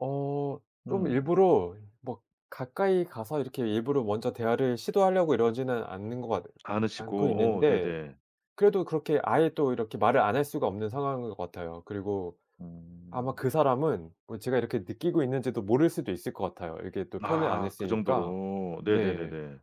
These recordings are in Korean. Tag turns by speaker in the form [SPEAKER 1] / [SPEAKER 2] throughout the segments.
[SPEAKER 1] 어 좀
[SPEAKER 2] 음.
[SPEAKER 1] 일부러 뭐 가까이 가서 이렇게 일부러 먼저 대화를 시도하려고 이러지는 않는 것 같 않고
[SPEAKER 2] 않으시고. 어
[SPEAKER 1] 있는데
[SPEAKER 2] 네네.
[SPEAKER 1] 그래도 그렇게 아예 또 이렇게 말을 안 할 수가 없는 상황인 것 같아요. 그리고 아마
[SPEAKER 2] 음.
[SPEAKER 1] 그 사람은 어 제가 이렇게 느끼고 있는지도 모를 수도 있을 것 같아요 이렇게 또 표현을 안
[SPEAKER 2] 아 그
[SPEAKER 1] 했으니까
[SPEAKER 2] 정도로.
[SPEAKER 1] 네.
[SPEAKER 2] 네네네네.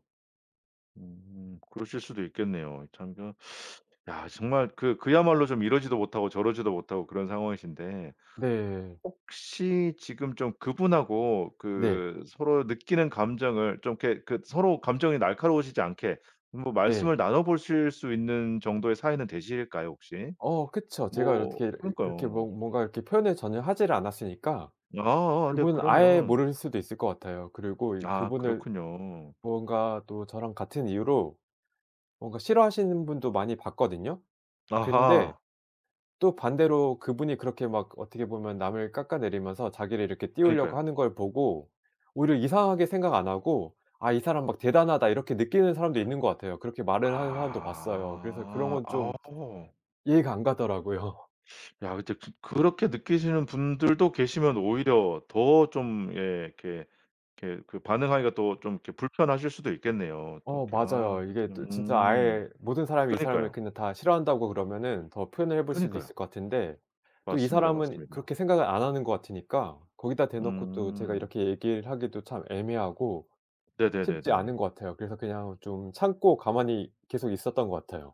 [SPEAKER 2] 음 그러실 수도 있겠네요. 참 좀 야 정말 그 그야말로 좀 이러지도 못하고 저러지도 못하고 그런 상황이신데
[SPEAKER 1] 네.
[SPEAKER 2] 혹시 지금 좀 그분하고
[SPEAKER 1] 네.
[SPEAKER 2] 그 서로 느끼는 감정을 좀 이렇게 그 서로 감정이 날카로우시지 않게 뭐
[SPEAKER 1] 네.
[SPEAKER 2] 말씀을 나눠보실 수 있는 정도의 사이는 되실까요, 혹시?
[SPEAKER 1] 어 그쵸. 제가
[SPEAKER 2] 뭐
[SPEAKER 1] 이렇게 이 이렇게 뭐
[SPEAKER 2] 그러니까요.
[SPEAKER 1] 뭔가 이렇게 표현을 전혀 하지를 않았으니까
[SPEAKER 2] 아아아 네
[SPEAKER 1] 그분은 아예
[SPEAKER 2] 그러면
[SPEAKER 1] 모를 수도 있을 것 같아요. 그리고 이
[SPEAKER 2] 아
[SPEAKER 1] 그분을
[SPEAKER 2] 그렇군요.
[SPEAKER 1] 뭔가 또 저랑 같은 이유로 뭔가 싫어하시는 분도 많이 봤거든요. 근데
[SPEAKER 2] 아하.
[SPEAKER 1] 또 반대로 그분이 그렇게 막 어떻게 보면 남을 깎아내리면서 자기를 이렇게 띄우려고
[SPEAKER 2] 그니까요.
[SPEAKER 1] 하는 걸 보고 오히려 이상하게 생각 안 하고 '아 이 사람 막 대단하다.' 이렇게 느끼는 사람도 있는 것 같아요. 그렇게 말을 하는 사람도 봤어요. 그래서 그런
[SPEAKER 2] 아.
[SPEAKER 1] 건 좀
[SPEAKER 2] 어.
[SPEAKER 1] 이해가 안 가더라고요.
[SPEAKER 2] 야 그 저 저 그렇게 느끼시는 분들도 계시면 오히려 더 좀 예 이렇게 이렇게 그 반응하기가 또 좀 이렇게 불편하실 수도 있겠네요. 또
[SPEAKER 1] 어
[SPEAKER 2] 이렇게 아
[SPEAKER 1] 맞아요.
[SPEAKER 2] 그
[SPEAKER 1] 이게
[SPEAKER 2] 참
[SPEAKER 1] 또 진짜
[SPEAKER 2] 음.
[SPEAKER 1] 아예 모든 사람이 이 사람을
[SPEAKER 2] 그니까요.
[SPEAKER 1] 그냥 다 싫어한다고 그러면은 더 표현을 해볼 수도
[SPEAKER 2] 그니까요.
[SPEAKER 1] 있을 것 같은데 또 이
[SPEAKER 2] 맞습니다,
[SPEAKER 1] 사람은
[SPEAKER 2] 맞습니다.
[SPEAKER 1] 그렇게 생각을 안 하는 것 같으니까 거기다 대놓고 또 제가
[SPEAKER 2] 음.
[SPEAKER 1] 이렇게 얘기를 하기도 참 애매하고 쉽지
[SPEAKER 2] 네네네네.
[SPEAKER 1] 않은 거 같아요. 그래서 그냥 좀 참고 가만히 계속 있었던 것 같아요.